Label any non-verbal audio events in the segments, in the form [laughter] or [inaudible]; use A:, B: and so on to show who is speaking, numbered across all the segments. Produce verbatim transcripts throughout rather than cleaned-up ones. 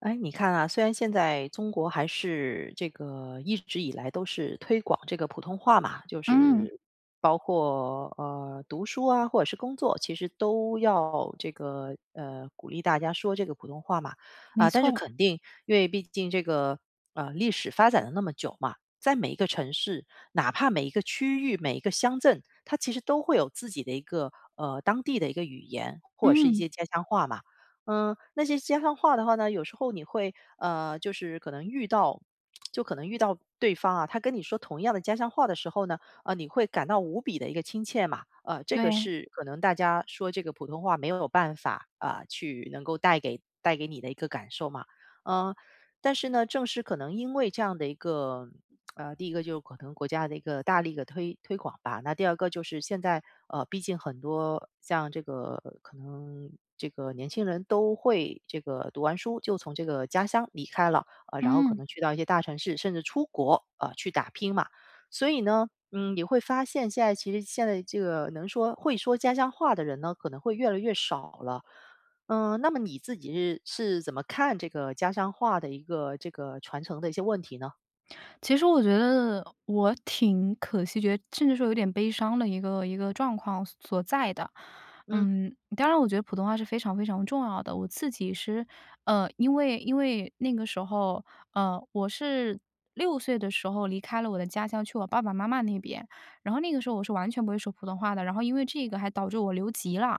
A: 诶，你看啊，虽然现在中国还是这个一直以来都是推广这个普通话嘛，就
B: 嗯。
A: 是包括，呃，读书啊，或者是工作，其实都要这个，呃，鼓励大家说这个普通话嘛。
B: 没
A: 啊，但是
B: 错。
A: 肯定，因为毕竟这个，呃，历史发展了那么久嘛，在每一个城市，哪怕每一个区域、每一个乡镇，它其实都会有自己的一个，呃，当地的一个语言，或者是一
B: 嗯。
A: 些家乡话嘛。呃，那些家乡话的话呢，有时候你会，呃，就是可能遇到就可能遇到对方啊，他跟你说同样的家乡话的时候呢，呃，你会感到无比地一个亲切嘛。呃，这个
B: 对。
A: 是可能大家说这个普通话没有办法，啊，去能够带给带给你的一个感受嘛。呃，但是呢，正是可能因为这样的一个，[smacks lips] 呃，第一个就是可能国家的一个大力地推推广吧，那第二个就是现在，呃，毕竟很多像这个可能，这个年轻人都会，这个读完书，就从这个家乡离开了，呃，然后可
B: 嗯。
A: 能去到一些大城市，甚至出国，呃，去打拼嘛。所以呢，嗯，你会发现现在其实现在这个能说会说家乡话的人呢，可能会越来越少了。嗯，那么你自己是是怎么看这个家乡话的一个，这个传承的一些问题呢？
B: 其实我觉得，我挺可惜，觉得甚至说有点悲伤的一个一个状况所所在的。
A: 嗯。
B: 嗯，当然我觉得普通话是非常非常重要的，我自己是呃，因为因为那个时候，呃，我是六岁的时候离开了我的家乡去我爸爸妈妈那边。然后那个时候我是完全不会说普通话的，然后因为这个还导致我留级了，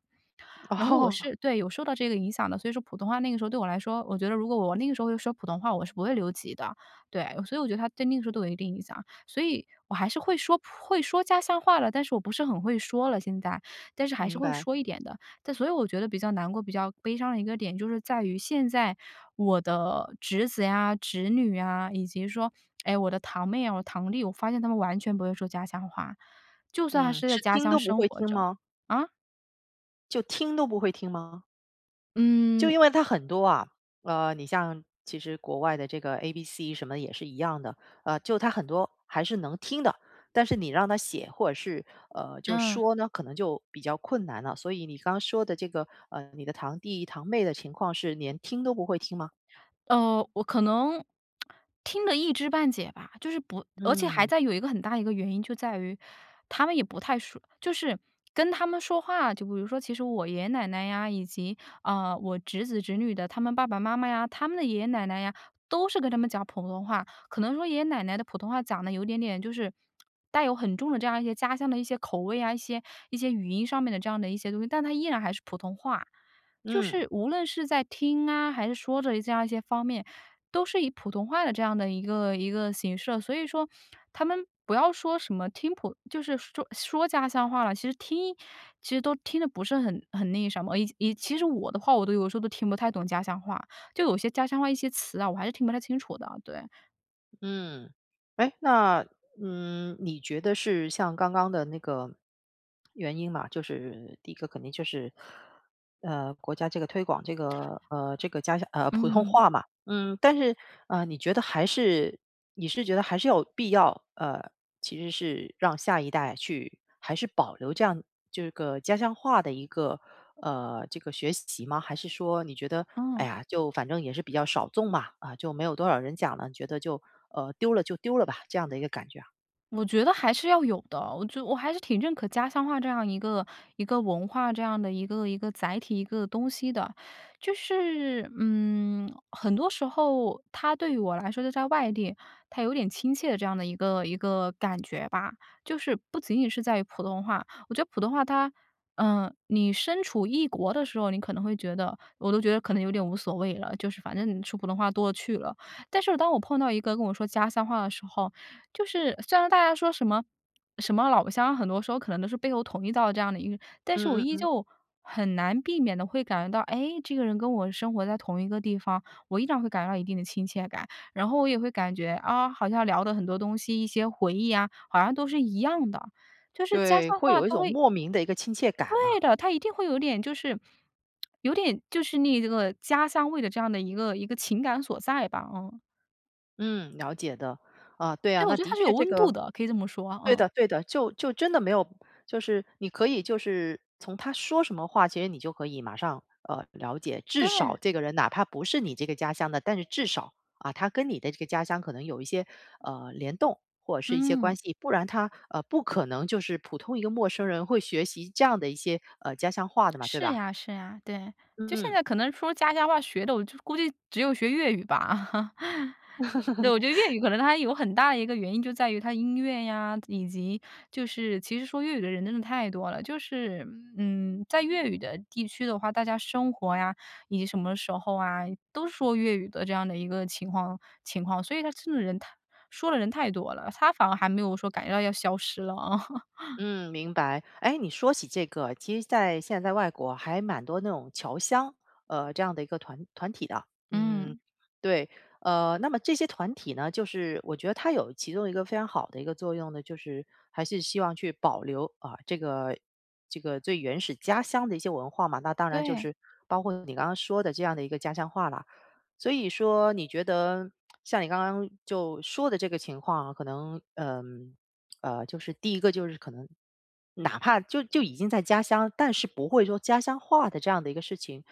B: 然后我
A: 哦。
B: 是对，有受到这个影响的。所以说普通话那个时候对我来说，我觉得如果我那个时候会说普通话，我是不会留级的。对，所以我觉得它对那个时候都有一定影响，所以我还是会说普会说家乡话了，但是我不是很会说了现在，但是还是
A: 明
B: 会
A: 白。
B: 说一点的。但所以我觉得比较难过、比较悲伤的一个点就是在于现在我的侄子呀、侄女啊，以及说，[smacks lips] 诶，我的堂妹啊，我的堂弟，我发现他们完全不会说家乡话，就算他
A: 嗯，
B: 是在
A: 是
B: 家
A: 听
B: 乡
A: 都不
B: 生
A: 会
B: 活
A: 听
B: 着。
A: 吗？
B: 啊？
A: 就听都不会听吗？就
B: 嗯
A: 因为它很多啊，呃，你像其实国外的这个 ABC 什么的也是一样的，呃，就他很多还是能听的，但是你让他写或者是，呃，就
B: 嗯。
A: 说呢，可能就比较困难了。所以你刚说的这个，呃，你的堂弟堂妹的情况是连听都不会听吗？
B: 呃，我可能 [tsk] 听了一知半解吧。就是不而且还
A: 嗯。
B: 在有一个很大一个原因就在于他们也不太熟，就是跟他们说话，就比如说其实我爷爷奶奶呀，以及，呃，我侄子侄女的他们爸爸妈妈呀，他们的爷爷奶奶呀，都是跟他们讲普通话。可能说爷爷奶奶的普通话讲得有点点就是，[smacks lips] 带有很重的这样一些家乡的一些口味啊，一些一些语音上面的这样的一些东西，但它依然还是普通话。就
A: 嗯。
B: 是无论是在听啊，还是说着这样一些方面，都是以普通话的这样的一个一个形式了。所以说他们不要说什么听普就是说说家乡话了，其实听其实都听得不是很很那个什么，以以其实我的话我都有时候都听不太懂家乡话，就有些家乡话一些词啊，我还是听不太清楚的，对。
A: 嗯。诶，那，嗯，你觉得是像刚刚的那个原因嘛，就是第一个肯定就是，呃，国家这个推广这个，呃，这个家乡呃，普通
B: 嗯。
A: 话嘛，嗯，但是，呃，你觉得还是你是觉得还是有必要，呃，其实是让下一代去还是保留这样这个家乡话的一个，呃，这个学习吗？还是说你觉得，哎
B: 嗯。
A: 呀，就反正也是比较少众吧，啊，就没有多少人讲了，你觉得就，呃，丢了就丢了吧，这样的一个感觉啊？
B: 我觉得还是要有的，我就我还是挺认可家乡话这样一个一个文化，这样的一个一个载体，一个东西的。就是，嗯，很多时候它对于我来说，就在外地，它有点亲切的这样的一个一个感觉吧，就是不仅仅是在于普通话，我觉得普通话它呃，你身处异国的时候，你可能会觉得我都觉得可能有点无所谓了，就是反正说普通话多了去了。但是当我碰到一个跟我说家乡话的时候，就是虽然大家说什么什么老乡很多时候可能都是背后捅一刀的这样的一个但是我
A: 嗯嗯
B: 依
A: 嗯。
B: 旧很难避免地会感觉到，诶，这个人跟我生活在同一个地方，我依然会感觉到一定的亲切感。然后我也会感觉，啊，好像聊的很多东西，一些回忆呀，好像都是一样的，就是家
A: 对，
B: 乡
A: 会
B: 话，
A: 有一
B: 它
A: 种
B: 会
A: 莫名的一个亲切感
B: 对
A: 嘛。
B: 的，它一定会有点就是 [smacks lips] 有点就是那个家乡味的这样的一个一个情感所在吧，嗯。
A: 嗯，了解的。啊，对啊，
B: 对，我
A: 那
B: 觉得它
A: 的
B: 是有
A: 确这
B: 温度
A: 个
B: 的，可以这么说啊，
A: 对
B: 嗯。
A: 的对的，就就真的没有就是你可以就是从他说什么话，其实你就可以马上，呃，了解，至少
B: 对。
A: 这个人哪怕不是你这个家乡的，但是至少，啊，他跟你的这个家乡可能有一些，呃，联动，或者是一些关
B: 嗯。
A: 系。不然他，呃，不可能就是普通一个陌生人，会学习这样的一些，呃，家乡话的嘛，对
B: 是
A: 吧？
B: 呀是呀，对，就现
A: 嗯。
B: 在可能说家乡话学的，我就估计只有学粤语吧。[laughs] 对，我觉得粤
A: [laughs]
B: 语可能它有很大的一个原因就在于它音乐呀，以及就是其实说粤语的人真的太多了，就是，嗯，在粤语的地区的话，大家生活呀，以及什么时候啊，都说粤语的这样的一个情况情况，所以它真的人太说的人太多了，它反而还没有说感觉到要消失了啊。[laughs]
A: 嗯，明白。哎，你说起这个，其实在现在外国还蛮多那种侨乡，呃，这样的一个团团体的。嗯，
B: 嗯。
A: 对，呃，那么这些团体呢，就是我觉得它有其中一个非常好的一个作用呢，就是还是希望去保留，啊，这个这个最原始家乡的一些文化嘛。那当然就
B: 对。
A: 是包括你刚刚说的这样的一个家乡话了，所以说，你觉得 [smacks lips] 像你刚刚就说的这个情况啊，可能，呃，呃，就是第一个就是可能哪怕就就已经在家乡，但是不会说家乡话的这样的一个事情，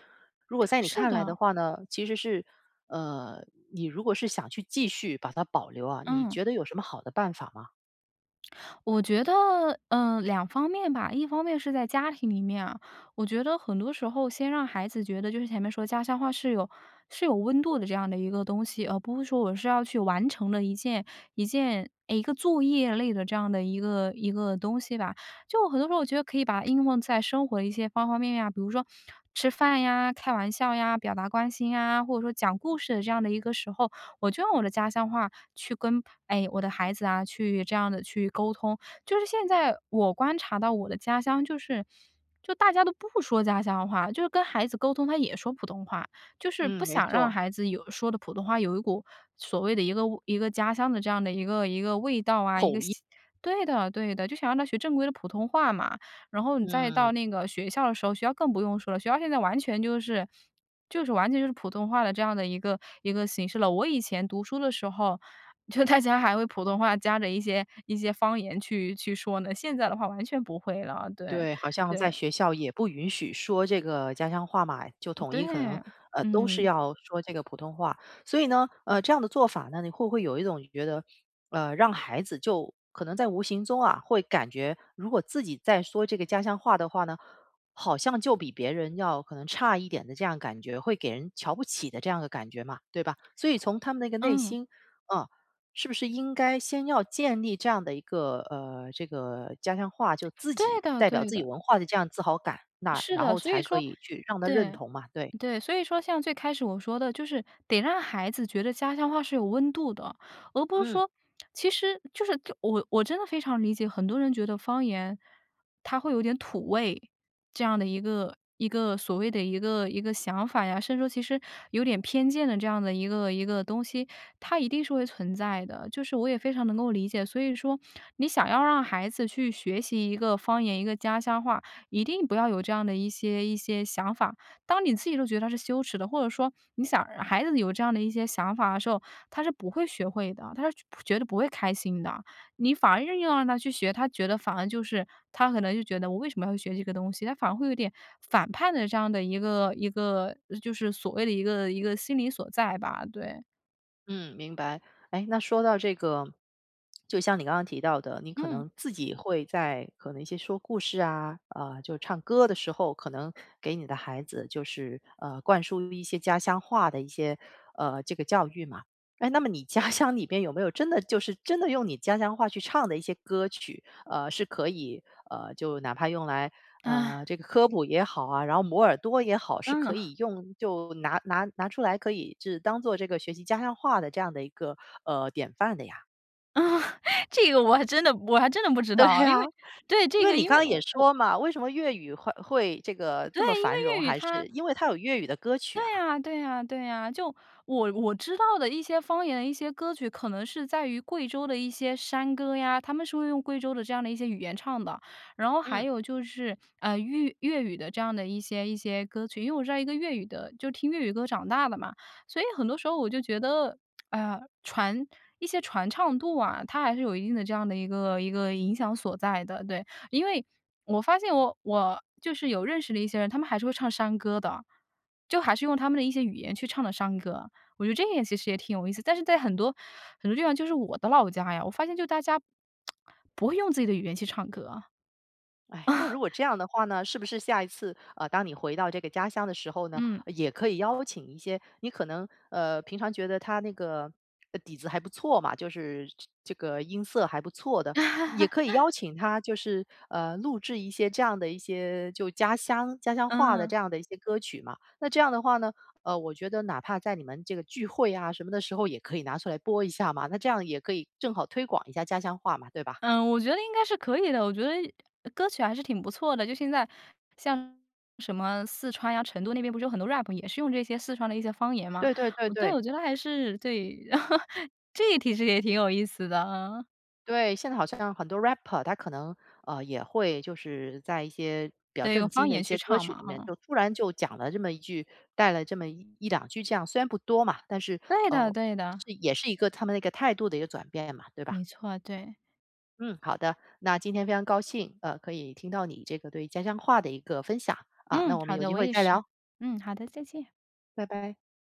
A: 如果在你
B: 是
A: 看来的
B: 的。
A: 话呢，其实是呃，你如果是想去继续把它保留啊，你
B: 嗯。
A: 觉得有什么好的办法吗？
B: 我觉得，呃，两方面吧。一方面是在家庭里面啊，我觉得很多时候先让孩子觉得，就是前面说家乡话是有是有温度的这样的一个东西，而不是说我是要去完成的一件一件诶，一个作业类的这样的一个一个东西吧。就很多时候我觉得可以把它应用在生活的一些方方面面啊，比如说吃饭呀、开玩笑呀、表达关心呀，或者说讲故事的这样的一个时候，我就用我的家乡话去跟，哎，我的孩子啊去这样地去沟通。就是现在我观察到我的家乡，就是就大家都不说家乡话，就是跟孩子沟通他也说普通话。就是不
A: 嗯，没
B: 想让
A: 错。
B: 孩子有说的普通话有一股，所谓的一个一个家乡的这样的一个一个味道啊，一
A: 口
B: 个
A: 音。
B: 吸对的，对的，就是想让他学正规的普通话嘛。然后你再
A: 嗯。
B: 到那个学校的时候，学校更不用说了，学校现在完全就是就是完全就是普通话的这样的一个一个形式了。我以前读书的时候，就大家还会普通话夹着一些一些方言去去说呢，现在的话完全不会了。对，
A: 对，好像在
B: 对。
A: 学校也不允许说这个家乡话嘛，就
B: 嗯
A: 统一可能，
B: 对，
A: 呃，都是
B: 嗯。
A: 要说这个普通话。所以呢，呃，这样的做法呢，你会不会有一种觉得，呃，让孩子就可能在无形中啊，会感觉如果自己再说这个家乡话的话呢，好像就比别人要可能差一点的这样感觉，会给人瞧不起的这样的感觉嘛，对吧？所以从他们那个内
B: 嗯。
A: 心，嗯，是不是应该先要建立这样的一个呃，这个家乡话就自
B: 对
A: 己
B: 的，
A: 代表
B: 对
A: 自己
B: 的。
A: 文化的这样自豪感？那
B: 是
A: 然
B: 的，
A: 后
B: 所以
A: 才可
B: 说
A: 以去让他认
B: 对，
A: 同嘛，对。
B: 对。所以说像最开始我说的，就是得让孩子觉得家乡话是有温度的，而不是
A: 嗯。
B: 说其实就是我我真的非常理解，很多人觉得方言它会有点土味，这样的一个一个所谓的一个一个想法呀，甚至说其实有点偏见的这样的一个一个东西，它一定是会存在的，就是我也非常能够理解。所以说你想要让孩子去学习一个方言、一个家乡话，一定不要有这样的一些一些想法。当你自己都觉得它是羞耻的，或者说，你想孩子有这样的一些想法的时候，他是不会学会的，他是就不觉得不会开心的。你反而硬要让他去学，他觉得反而就是他可能就觉得我为什么要学这个东西，他反而会有点反叛的这样的一个一个呃就是所谓的一个一个心理所在吧，对。
A: 嗯，明白。诶，那说到这个，就像你刚刚提到的，你可
B: 嗯。
A: 能自己会在可能一些说故事啊，呃，就唱歌的时候，可能给你的孩子，就是，呃，灌输一些家乡话的一些，呃，这个教育嘛。诶，那么你家乡里边有没有真的就是真的用你家乡话去唱的一些歌曲，呃，是可以呃，就哪怕用来，呃，
B: 啊。
A: 这个科普也好啊，然后磨耳朵也好，是可
B: 嗯。
A: 以用就拿拿拿出来可以就是当做这个学习家乡话的这样的一个，呃，典范的呀。
B: 啊，[chuckles] 这个我还真的我还真的不知
A: 对
B: 道，因
A: 啊，
B: 为对，
A: 因
B: 这
A: 为
B: 个
A: 你
B: 因
A: 刚
B: 为
A: 刚也
B: 我我
A: 说嘛，为什么粤语会会这个
B: 对，
A: 这么
B: 因
A: 繁荣，
B: 为粤语
A: 还
B: 它
A: 是因为它有粤语的歌曲
B: 对
A: 啊。
B: 呀对呀对呀，就我我知道的一些方言、一些歌曲可能是在于贵州的一些山歌呀，他们是会用贵州的这样的一些语言唱的，然后还
A: 嗯。
B: 有就是，呃，粤粤语的这样的一些一些歌曲，因为我知道一个粤语的就听粤语歌长大的嘛，所以很多时候我就觉得，[tsk] 哎呀，传一些传唱度啊，它还是有一定的这样的一个一个影响所在的。对，因为我发现我我就是有认识的一些人，他们还是会唱山歌的。就还是用他们的一些语言去唱的山歌。我觉得这也其实也挺有意思，但是在很多，很多地方就是我的老家呀，我发现就大家 [tsk] 不会用自己的语言去唱歌。啊。
A: 唉，那如果这样的话呢，是不是下一次，呃，当你回到这个家乡的时候呢，
B: 嗯。
A: 也可以邀请一些你可能，呃，平常觉得他那个，呃，底子还不错嘛，就是这这个音色还不错的，也可以邀
B: [laughs]
A: 请他就是，呃，录制一些这样的一些，就家乡家乡话的
B: 嗯。
A: 这样的一些歌曲嘛。那这样的话呢，呃，我觉得哪怕在你们这个聚会啊什么的时候也可以拿出来播一下嘛，那这样也可以正好推广一下家乡话嘛，对吧？
B: 呃，我觉得应该是可以的，我觉得歌曲还是挺不错的。就现在像什么四川呀、成都那边不是有很多 rap 也是用这些四川的一些方言嘛。
A: 对对对
B: 对，
A: 对。
B: 我觉得还是对，[chuckles] 这提实也挺有意思的，嗯。
A: 对，现在好像很多 rapper 他可能，呃，也会就是在一些比较
B: 对，
A: 正
B: 用方
A: 经的一
B: 言
A: 些
B: 去
A: 歌
B: 唱
A: 曲
B: 嘛，
A: 里面，
B: 嗯。
A: 就突然就讲了这么一句带了这么一一两句这样，虽然不多嘛，但是，
B: 对的
A: 呃，
B: 对的。
A: 是也是一个他们那个态度的一个转变嘛，对吧？
B: 没错啊，对。
A: 嗯，好的，那今天非常高兴，呃，可以听到你这个对家乡话的一个分享，啊，那
B: 嗯，
A: 我们
B: 好
A: 有
B: 的，
A: 机
B: 我
A: 会
B: 也
A: 再
B: 是。
A: 聊。
B: 嗯，好的，再见。
A: 拜拜。